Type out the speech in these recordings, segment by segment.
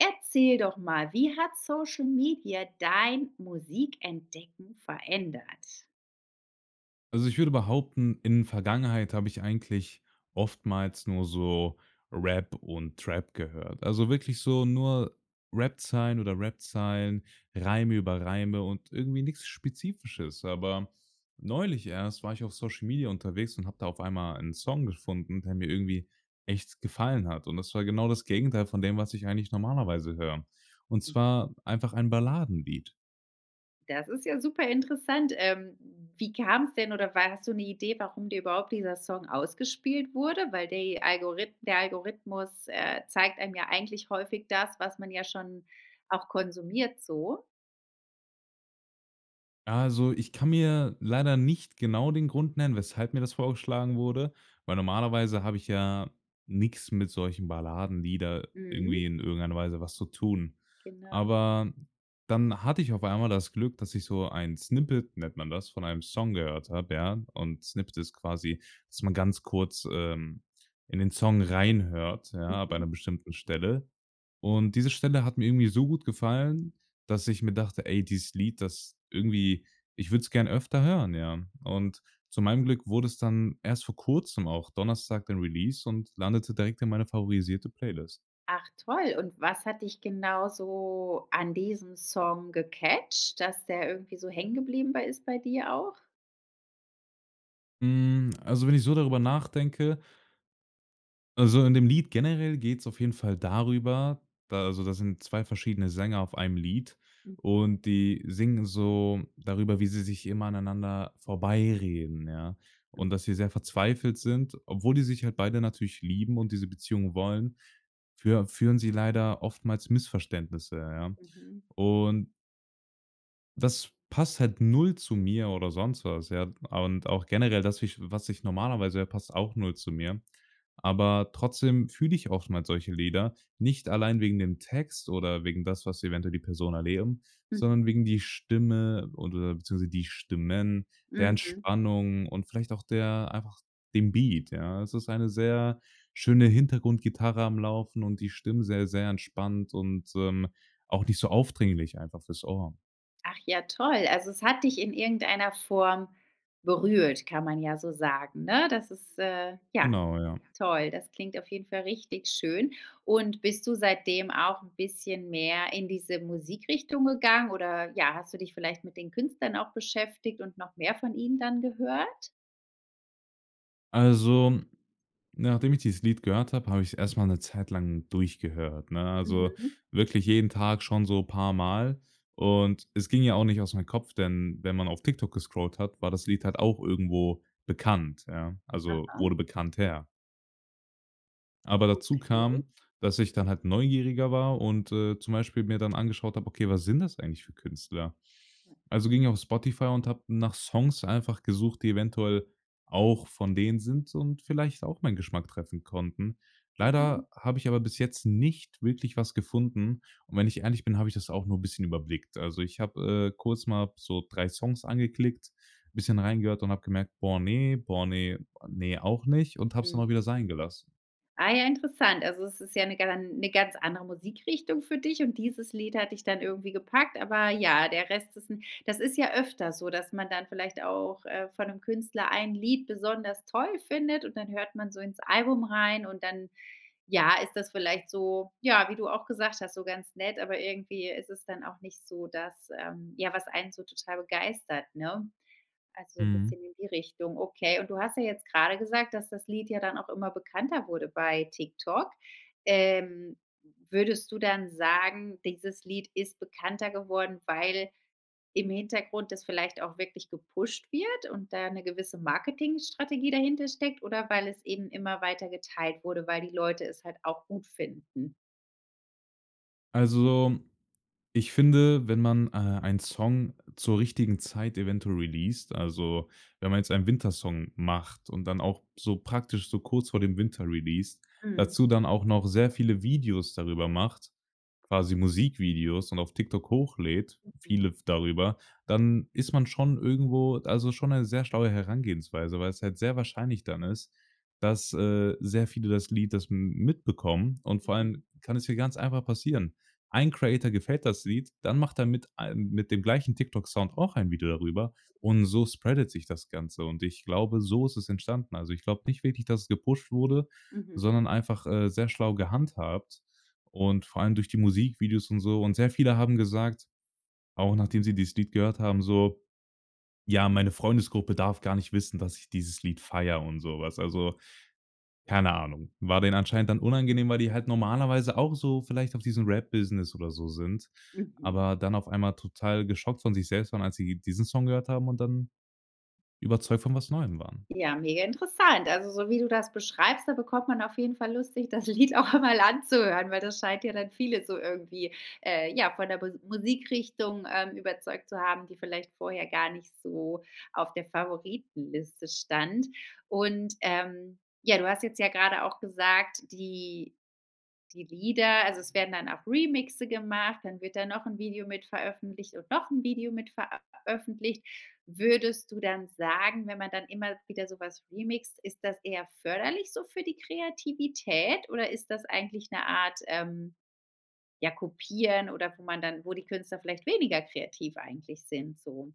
Erzähl doch mal, wie hat Social Media dein Musikentdecken verändert? Also ich würde behaupten, in Vergangenheit habe ich eigentlich oftmals nur so Rap und Trap gehört. Also wirklich so nur Rapzeilen oder Rapzeilen, Reime über Reime und irgendwie nichts Spezifisches. Aber neulich erst war ich auf Social Media unterwegs und habe da auf einmal ein Song gefunden, der mir irgendwie echt gefallen hat. Und das war genau das Gegenteil von dem, was ich eigentlich normalerweise höre. Und Hm. zwar einfach ein Balladenlied. Das ist ja super interessant. Ähm, wie kam's denn oder war hast du 'ne Idee, warum dir überhaupt dieser Song ausgespielt wurde? Weil die Algorith der Algorithmus, äh, zeigt einem ja eigentlich häufig das, was man ja schon auch konsumiert so? Also, ich kann mir leider nicht genau den Grund nennen, weshalb mir das vorgeschlagen wurde, weil normalerweise habe ich ja nix mit solchen Balladenlieder irgendwie Mhm. in irgendeiner Weise was zu tun. Genau. Aber dann hatte ich auf einmal das Glück, dass ich so ein Snippet, nennt man das, von einem Song gehört hab, ja, und Snippet ist quasi, dass man ganz kurz, ähm, in den Song reinhört, ja, bei 'ner Mhm. bestimmten Stelle. Und diese Stelle hat mir irgendwie so gut gefallen, dass ich mir dachte: „Ey, dieses Lied, das irgendwie ich würd's gern öfter hören“, ja? Und zu meinem Glück wurde es dann erst vor Kurzem, auch Donnerstag den Release und landete direkt in meine favorisierte Playlist. Ach toll. Und was hat dich genau so an diesem Song gecatched, dass der irgendwie so hängen geblieben bei ist bei dir auch? Hm, also wenn ich so darüber nachdenke Also in dem Lied generell geht's auf jeden Fall darüber, da also da sind 2 verschiedene Sänger auf einem Lied. Mhm. Und die singen so darüber, wie sie sich immer aneinander vorbeireden, ja. Hm. Und dass sie sehr verzweifelt sind, obwohl die sich halt beide natürlich lieben und diese Beziehung wollen, führ führen sie leider oftmals Missverständnisse, ja. Mhm. Und das passt halt 0 zu mir oder sonst was, ja. A und auch generell das wie ich was ich normalerweise ja, passt auch 0 zu mir. Aber trotzdem fühle ich oftmals solche Lieder, nicht allein wegen dem Text oder wegen das, was eventuell die Person erleben, Mhm. sondern wegen die Stimme oder beziehungsweise die Stimmen, der Mhm. Entspannung und vielleicht auch der einfach den Beat, ja? Es ist eine sehr schöne Hintergrundgitarre am Laufen und die Stimmen sehr, sehr entspannt und, ähm, auch nicht so aufdringlich einfach fürs Ohr. Ach ja, toll. Also es hat dich in irgendeiner Form berührt, kann man ja so sagen, ne? Das ist, äh, ja, Genau, ja. toll. Das klingt auf jeden Fall richtig schön. Und bist du seitdem auch 'n bisschen mehr in diese Musikrichtung gegangen oder, ja, hast du dich vielleicht mit den Künstlern auch beschäftigt und noch mehr von ihnen dann gehört? Also nachdem ich dieses Lied gehört habe, habe ich's erstmal 'ne Zeit lang durchgehört, ne? Also Mhm. wirklich jeden Tag schon so paar Mal. Und es ging ja auch nicht aus mein Kopf, denn wenn man auf TikTok gescrollt hat, war das Lied halt auch irgendwo bekannt, ja. Also Aha. wurde bekannter. Aber dazu Okay. kam, dass ich dann halt neugieriger war und, äh, zum Beispiel mir dann angeschaut habe: „Okay, was sind das eigentlich für Künstler?“ Also ging auf Spotify und habe nach Songs einfach gesucht, die eventuell auch von denen sind und vielleicht auch meinen Geschmack treffen konnten. Mhm. Leider habe ich aber bis jetzt nicht wirklich was gefunden. Und wenn ich ehrlich bin, habe ich das auch nur 'n bisschen überblickt. Also ich habe, äh, kurz mal so 3 Songs angeklickt, bisschen reingehört und habe gemerkt: „Boah, ne, boah, ne, boah, ne, auch nicht“, und habe. es dann auch Mhm. wieder sein gelassen. Ah ja interessant. Also es ist ja 'ne gan 'ne ganz andere Musikrichtung für dich und dieses Lied hat dich dann irgendwie gepackt, aber ja, der Rest ist 'n das ist ja öfter so, dass man dann vielleicht auch, äh, von 'nem Künstler ein Lied besonders toll findet und dann hört man so ins Album rein und dann, ja, ist das vielleicht so ja, wie du auch gesagt hast, so ganz nett, aber irgendwie ist es dann auch nicht so, das, ähm, ja, was einen so total begeistert, ne? Also 'n Mhm. bisschen in die Richtung. Okay. Und du hast ja jetzt grade gesagt, dass das Lied ja dann auch immer bekannter wurde bei TikTok. Ähm, würdest du dann sagen, dieses Lied ist bekannter geworden, weil im Hintergrund das vielleicht auch wirklich gepusht wird und da 'ne gewisse Marketingstrategie dahinter steckt oder weil es eben immer weiter geteilt wurde, weil die Leute es halt auch gut finden? Also, ich finde, wenn man, äh, einen Song zur richtigen Zeit eventuell releast, also wenn man jetzt einen Winter-Song macht und dann auch so praktisch so kurz vor dem Winter releast, Mhm. dazu dann auch noch sehr viele Videos darüber macht, quasi Musikvideos und auf TikTok hochlädt, viele Mhm. f darüber, dann ist man schon irgendwo also schon 'ne sehr schlaue Herangehensweise, weil's halt sehr wahrscheinlich dann ist, dass, äh, sehr viele das Lied das m mitbekommen. Und vor Mhm. allem kann es hier ganz einfach passieren. Ein Creator gefällt das Lied, dann macht er mit ein mit dem gleichen TikTok Sound auch ein Video darüber, und so spreadet sich das Ganze. Und ich glaube, so ist es entstanden. Also, ich glaube nicht wirklich, dass es gepusht wurde, Mhm. sondern einfach, äh, sehr schlau gehandhabt und vor allem durch die Musikvideos und so. Und sehr viele haben gesagt, auch nachdem sie dieses Lied gehört haben, so: „Ja, meine Freundesgruppe darf gar nicht wissen, dass ich dieses Lied feiere.“ und so was. Also, keine Ahnung. War denen anscheinend dann unangenehm, weil die halt normalerweise auch so vielleicht auf diesem Rap-Business oder so sind, Mhm. aber dann auf einmal total geschockt von sich selbst waren, als sie diesen Song gehört haben und dann überzeugt von was Neuem waren. Ja, mega interessant. Also, so wie du das beschreibst, da bekommt man auf jeden Fall Lust, sich das Lied auch einmal anzuhören, weil das scheint ja dann viele so irgendwie, äh, ja, von der Mu Musikrichtung, ähm, überzeugt zu haben, die vielleicht vorher gar nicht so auf der Favoritenliste stand. Und, ähm, ja, du hast jetzt ja grade auch gesagt, die die Lieder also es werden dann auch Remixe gemacht, dann wird da noch 'n Video mit veröffentlicht und noch 'n Video mit ver ä öffentlicht. Würdest du dann sagen, wenn man dann immer wieder so was remixt, ist das eher förderlich so für die Kreativität oder ist das eigentlich 'ne Art, ähm, ja, Kopieren oder wo man dann wo die Künstler vielleicht weniger kreativ eigentlich sind so?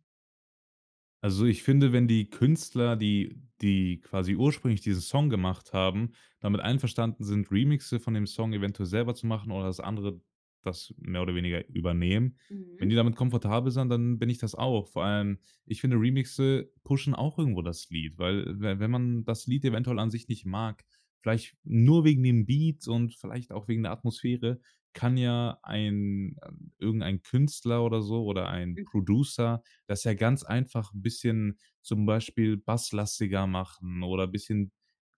Also, ich finde, wenn die Künstler, die die quasi ursprünglich diesen Song gemacht haben, damit einverstanden sind, Remixe von dem Song eventuell selber zu machen oder das andere das mehr oder weniger übernehmen. Wenn Mhm. die damit komfortabel sind, dann bin ich das auch. Vor allem, ich finde Remixe pushen auch irgendwo das Lied, weil we wenn man das Lied eventuell an sich nicht mag, vielleicht nur wegen den Beats und vielleicht auch wegen der Atmosphäre, kann ja ein irgendein Künstler oder so oder ein Mhm. Producer das ja ganz einfach 'n bisschen zum Beispiel basslastiger machen oder bisschen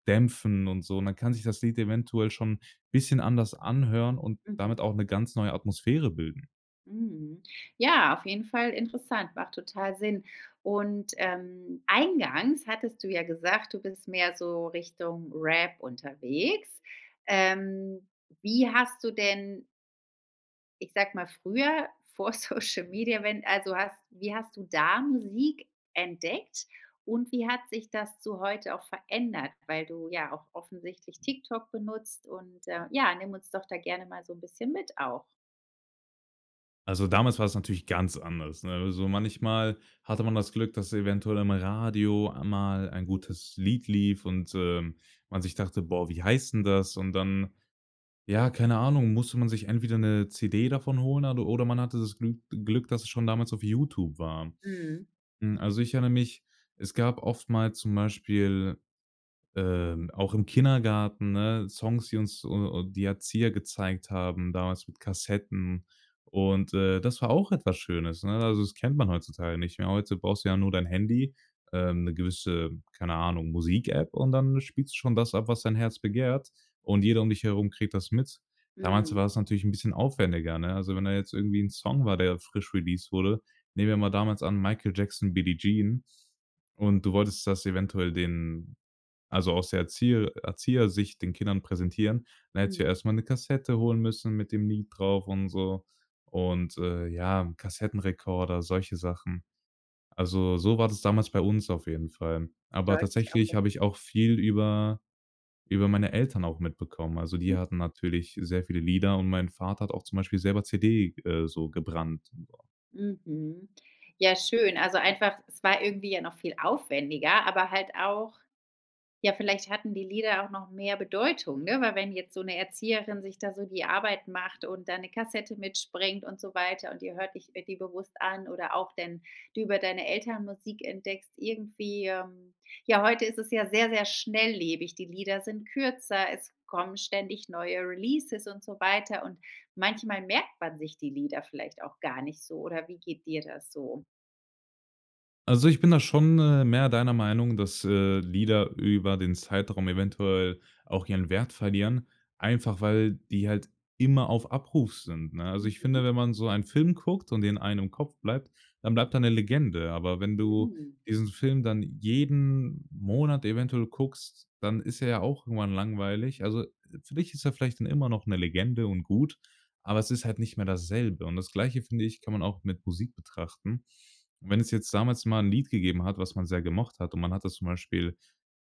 dämpfen und so. Und dann kann sich das Lied eventuell schon bisschen anders anhören und Mhm. damit auch 'ne ganz neue Atmosphäre bilden. Mhm. Ja, auf jeden Fall interessant, macht total Sinn. Und, ähm, eingangs hattest du ja gesagt, du bist mehr so Richtung Rap unterwegs. Ähm, wie hast du denn ich sag mal, früher vor Social Media, wenn also hast wie hast du da Musik entdeckt? Und wie hat sich das zu heute auch verändert, weil du ja auch offensichtlich TikTok benutzt und, äh, ja, nimm uns doch da gerne mal so 'n bisschen mit auch. Also, damals war es natürlich ganz anders, ne? Also, manchmal hatte man das Glück, dass eventuell am Radio mal ein Mhm. gutes Lied lief und, äh, man sich dachte: „Boah, wie heißt 'n das?“ Und dann, ja, keine Ahnung, musste man sich entweder 'ne CD davon holen a oder man hatte das Glü Glück, dass es schon damals auf YouTube war. Mhm. Hm, also ich erinnere mich, es gab oftmals zum Beispiel, äh, auch im Kindergarten, ne, Songs, die uns u u die Erzieher gezeigt haben damals mit Kassetten. Und, äh, das war auch etwas Schönes, ne? Also, das kennt man heutzutage nicht mehr. Heute brauchst du ja nur dein Handy, ähm, 'ne gewisse, keine Ahnung, Musikapp und dann spielst du schon das ab, was dein Herz begehrt und jeder um dich herum kriegt das mit. Damals Mhm. war es natürlich 'n bisschen aufwendiger, ne? Also wenn da jetzt irgendwie 'n Song war, der frisch released wurde, nehmen wir mal damals an Michael Jackson, Billy Jean und du wolltest das eventuell den also aus der Erzieher Erzieher-Sicht den Kindern präsentieren. Dann hättest du ja Mhm. erst mal 'ne Kassette holen müssen mit dem Lied drauf und so. Und, äh, ja, 'n Kassettenrekorder, solche Sachen. Also, so war das damals bei uns auf jeden Fall. Aber Deutlich tatsächlich habe erfunden. ich auch viel über über meine Eltern auch mitbekommen. Also, Mhm. die hatten natürlich sehr viele Lieder und mein Vater hat auch zum Beispiel selber CD, äh, so gebrannt. Mhm. Ja schön. Also einfach es war irgendwie ja noch viel aufwendiger, aber halt auch ja, vielleicht hatten die Lieder auch noch mehr Bedeutung, ne, weil wenn jetzt so 'ne Erzieherin sich da so die Arbeit macht und da 'ne Kassette mitbringt und so weiter und ihr hört ich äh, die bewusst an oder auch denn du über deine Eltern Musik entdeckst irgendwie Ähm, ja, heute ist es ja sehr, sehr schnelllebig. Die Lieder sind kürzer, es kommen ständig neue Releases und so weiter. Und manchmal merkt man sich die Lieder vielleicht auch gar nicht so. Oder wie geht dir das so? Also ich bin da schon, äh, mehr deiner Meinung, dass, äh, Lieder über den Zeitraum eventuell auch ihren Wert verlieren, einfach weil die halt immer auf Abruf sind, ne? Also ich finde, Mhm. wenn man so ein Film guckt und den einen im Kopf bleibt, dann bleibt da 'ne Legende. Aber wenn du Mm. diesen Film dann jeden Monat eventuell guckst, dann ist er ja auch irgendwann langweilig. Also, äh, für dich ist er vielleicht dann immer noch 'ne Legende und gut, aber es ist halt nicht mehr dasselbe. Und das Gleiche, finde ich, kann man auch mit Musik betrachten. Wenn es jetzt damals mal 'n Lied gegeben hat, was man sehr gemocht hat und man hat das zum Beispiel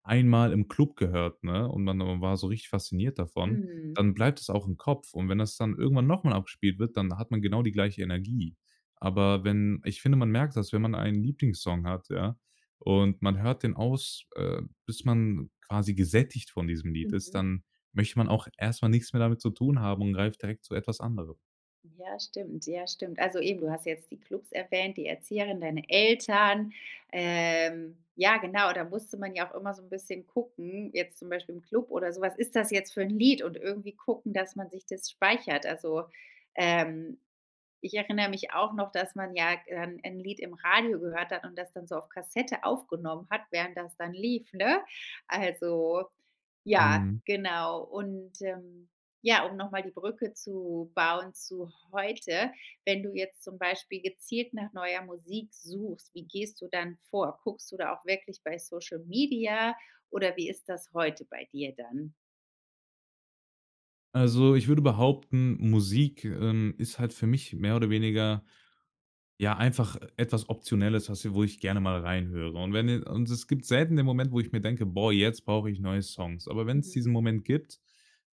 einmal im Club gehört, ne, und man o war so richtig fasziniert davon, Mhm. dann bleibt das auch im Kopf. Und wenn das dann irgendwann noch mal abspielt wird, dann hat man genau die gleiche Energie. Aber wenn ich finde, man merkt das, wenn man einen Lieblingssong hat, ja, und man hört den aus äh, bis man quasi gesättigt von diesem Lied ist, Mhm. dann möchte man auch erst mal nix mehr damit zu tun haben und greift direkt zu etwas anderem. Ja, stimmt. Ja, stimmt. Also eben, du hast jetzt die Clubs erwähnt, die Erzieherin, deine Eltern. Ähm, ja, genau, da musste man ja auch immer so 'n bisschen gucken, jetzt zum Beispiel im Club oder so: Was ist das jetzt fürn Lied? Und irgendwie gucken, dass man sich das speichert. Also, ähm, ich erinnere mich auch noch, dass man ja en 'n Lied im Radio gehört hat und das dann so auf Kassette aufgenommen hat, während das dann lief, ne? Also ja, Mhm. genau. Und, ähm, ja, um noch mal die Brücke zu bauen zu heute: Wenn du jetzt zum Beispiel gezielt nach neuer Musik suchst, wie gehst du dann vor? Guckst du da auch wirklich bei Social Media oder wie ist das heute bei dir dann? Also ich würde behaupten, Musik, ähm, ist halt für mich mehr oder weniger ja einfach, äh, etwas Optionelles, was wo ich gerne mal reinhöre. Und wenn je Und es gibt selten den Moment, wo ich mir denke: „Boah, jetzt brauche ich neue Songs.“ Aber wenn's Mhm. diesen Moment gibt,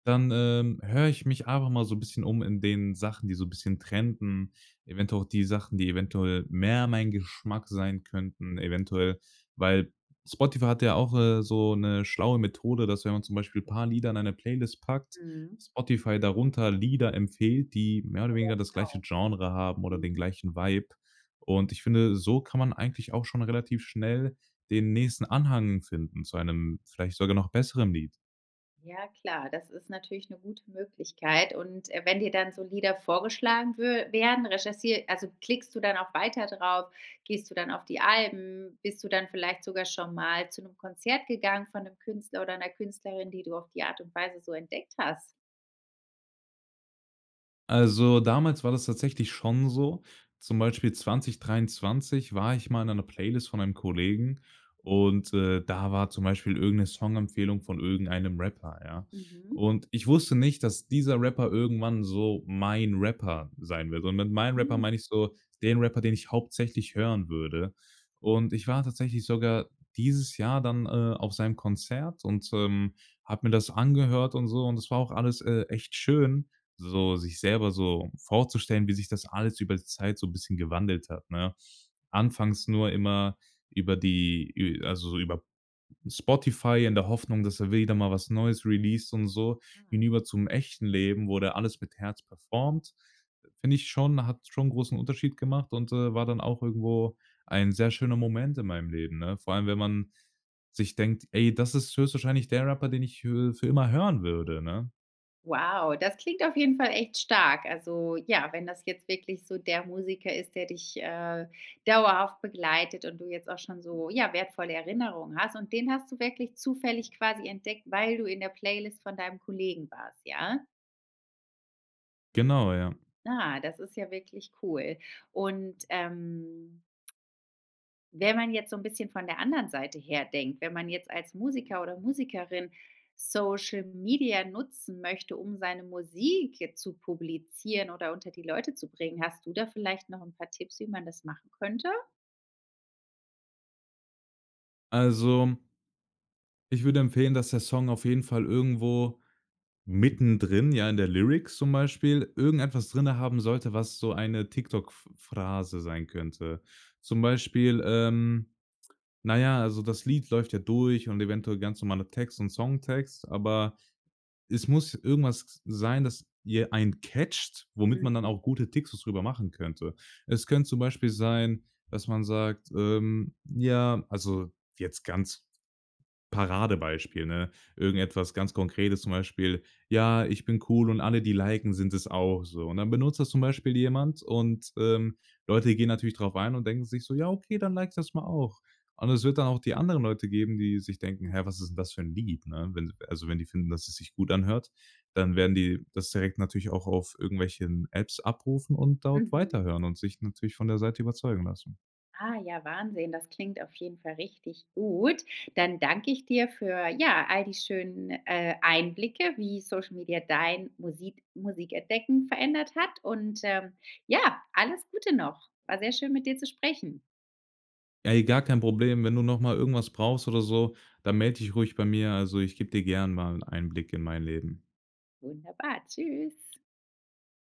dann, ähm, höre ich mich einfach mal so 'n bisschen in den Sachen, die so 'n bisschen trenden. Eventuell auch die Sachen, die eventuell mehr mein Geschmack sein könnten eventuell. Weil Spotify hat ja auch, äh, so 'ne schlaue Methode, dass wenn man zum Beispiel paar Lieder in eine Playlist packt, Mhm. Spotify darunter Lieder empfiehlt, die mehr oder Ja, weniger das gleiche genau. Genre haben oder den Mhm. gleichen Vibe. Und ich finde, so kann man eigentlich auch schon relativ schnell den nächsten Anhang finden zu einem vielleicht sogar noch besseren Lied. Ja klar, das ist natürlich 'ne gute Möglichkeit und, äh, wenn dir dann so Lieder vorgeschlagen wür werden, recherchier also klickst du dann auch weiter drauf, gehst du dann auf die Alben, bist du dann vielleicht sogar schon mal zu 'nem Konzert gegangen von 'nem Künstler oder 'ner Künstlerin, die du auf die Art und Weise so entdeckt hast? Also, damals war das tatsächlich schon so. Zum Beispiel 2023 war ich mal in 'ner Playlist von einem Kollegen und, äh, da war zum Beispiel irgend 'ne Songempfehlung von irgendeinem Rapper, ja. Mhm. Und ich wusste nicht, dass dieser Rapper irgendwann so mein Rapper sein wird. Und mit meinem Rapper Hm. meine ich so den Rapper, den ich hauptsächlich hören würde. Und ich war tatsächlich sogar dieses Jahr dann, äh, auf seinem Konzert und, ähm, habe mir das angehört und so. Und es war auch alles, äh, echt schön, so sich selber so vorzustellen, wie sich das alles über die Zeit so 'n bisschen gewandelt hat, ne? Anfangs nur immer über die ü also so über Spotify, in der Hoffnung, dass er wieder mal was Neues released und so. Ah. Hinüber zum echten Leben wo der alles mit Herz performed, finde ich schon, hat schon großen Unterschied gemacht und, äh, war dann auch irgendwo ein sehr schöner Moment in meinem Leben, ne? Vor allem, wenn man sich denkt: „Ey, das ist höchstwahrscheinlich der Rapper, den ich hö für für immer hören würde,“ ne? Wow, das klingt auf jeden Fall echt stark. Also ja, wenn das jetzt wirklich so der Musiker ist, der dich, äh, dauerhaft begleitet und du jetzt auch schon so, ja, wertvolle Erinnerungen hast und den hast du wirklich zufällig quasi entdeckt, weil du in der Playlist von deinem Kollegen warst, ja? Genau, ja. Ah, das ist ja wirklich cool. Und, ähm wenn man jetzt so 'n bisschen von der anderen Seite her denkt, wenn man jetzt als Musiker oder Musikerin Social Media nutzen möchte um seine Musik jetzt zu publizieren oder unter die Leute zu bringen, hast du da vielleicht noch 'n paar Tipps, wie man das machen könnte? Also ich würde empfehlen, dass der Song auf jeden Fall irgendwo mittendrin, ja in der Lyrics zum Beispiel, irgendetwas drinnen haben sollte, was so eine TikTok Ph Phrase sein könnte. Zum Beispiel, ähm, na ja, also das Lied läuft ja durch und eventuell ganz normaler Text und Songtext, aber es muss irgendwas sein, dass ihr ein catcht, womit man dann Mhm. auch gute TikToks drüber machen könnte. Es könnte zum Beispiel sein, dass man sagt, ähm, „ja“ also jetzt ganz Paradebeispiel, ne? Irgendetwas ganz Konkretes zum Beispiel: „Ja, ich bin cool und alle, die liken, sind es auch,“ so. Und dann benutzt das zum Beispiel jemand und, ähm, Leute gehen natürlich drauf ein und denken sich so: „Ja okay, dann like ich das mal auch.“ Und es wird dann auch die anderen Leute geben, die sich denken: „Hä, Mhm. was ist denn das für 'n Lied,“ ne? Wenn also wenn die finden, dass es sich gut anhört, dann werden die das direkt natürlich auch auf irgendwelchen Apps abrufen und dort Mhm. weiterhören und sich natürlich von der Seite überzeugen lassen. Ah, ja, Wahnsinn, das klingt auf jeden Fall richtig gut. Dann danke ich dir für, ja, all die schönen, äh, Einblicke, wie Social Media dein Musik Musikentdecken verändert hat und, ähm, ja, alles Gute noch. War sehr schön, mit dir zu sprechen. Ey, gar kein Problem. Wenn du noch mal irgendwas brauchst oder so, dann melde dich ruhig bei mir. Also, ich gebe dir gern mal 'n Einblick in mein Leben. Wunderbar. Tschüss.